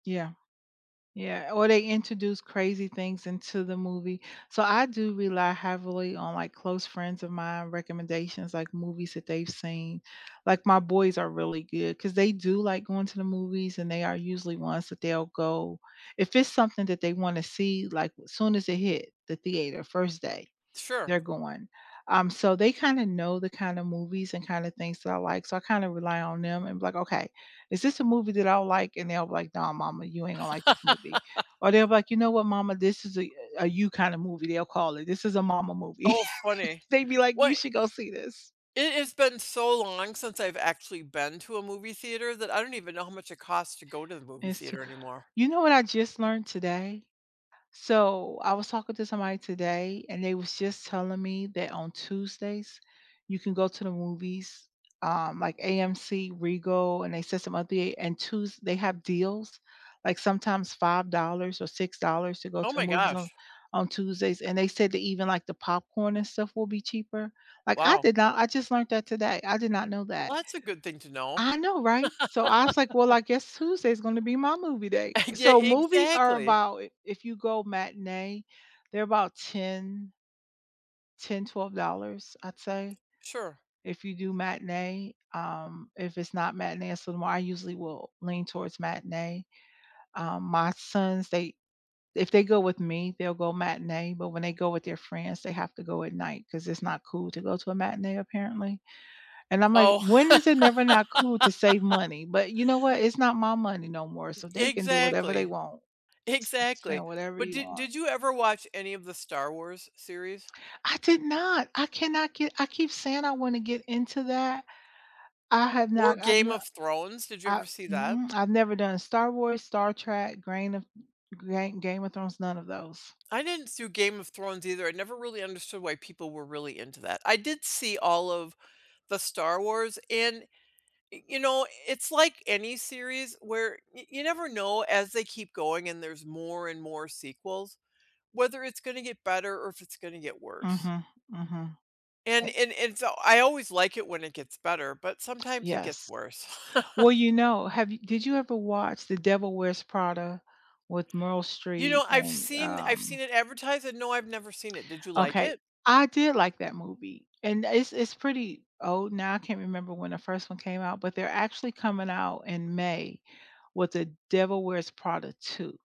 Yeah. Yeah, or they introduce crazy things into the movie so I do rely heavily on my close friends of mine recommendations, like movies that they've seen. Like, my boys are really good 'cause they do like going to the movies and they are usually ones that they'll go. If it's something that they want to see like soon as it hit the theater, first day, Sure. they're going. Um, so they kinda know the kinda movies and kinda things that I like, so, I kind of rely on them and be like, "Okay is this a movie that I like?" and they'll be like, "Nah mama, you ain't gonna like this movie." or they'll be like, "You know what mama, this is a you kind of movie", they'll call it, "This is a mama movie." Oh, funny. they be like What "You should go see this." it has been so long since I've actually been to a movie theater that I don't even know how much it costs to go to the movie It's to theater anymore. you know what I just learned today? So, I was talking to somebody today and they was just telling me that on Tuesdays you can go to the movies, um, like, AMC, Regal, and they said some other thea and Tues they have deals, like, sometimes $5 or $6 to go Oh to the my movies gosh. on on Tuesdays and they said that even, like, the popcorn and stuff will be cheaper. Like, I Wow. did not I just learned that today I did not know that. Well, that's a good thing to know. I know, right? So, I was, like, well, I guess Tuesday's gonna be my movie day. Yeah. So, movies are Exactly. about if if you go matinee, they're about 10 $10, $12, I'd say, Sure. if you do matinee, um, if it's not matinee so I usually will lean towards matinee. Um, my sons, they if they go with me they'll go matinee but when they go with their friends they have to go at night 'cause it's not cool to go to a matinee apparently. And I'm like Oh. "When is it never not cool to save money?" but you know what, it's not my money no more E so they can do whatever they exactly. want. Exactly. Spend whatever But you did want. did you ever watch any of the Star Wars series? I did not. I cannot get I keep saying I want to get into that. I have Or not I've Game no of Thrones? Did you I ever see that? mm i've never done Star Wars, Star Trek, Grain of Gain Game of Thrones, none of those. I didn't see Game of Thrones either I never really understood why people were really into that I did see all of the Star Wars, and, you know, it's like any series where y you never know, as they keep going and there's more and more sequels, whether it's gonna get better or if it's gonna get worse. Mhm. Mhm. And Eh and and so, I always like it when it gets better, but sometimes it gets Yes. worse. Well, you know, have yo did you ever watch The Devil Wears Prada with Meryl You Streep know, I've and seen I've seen um it advertised and, no, I've never seen it Did you like Okay, it? I did like that movie and it's it's pretty old now I can't remember when the first one came out, but they're actually coming out, in May, with The Devil Wears Prada 2.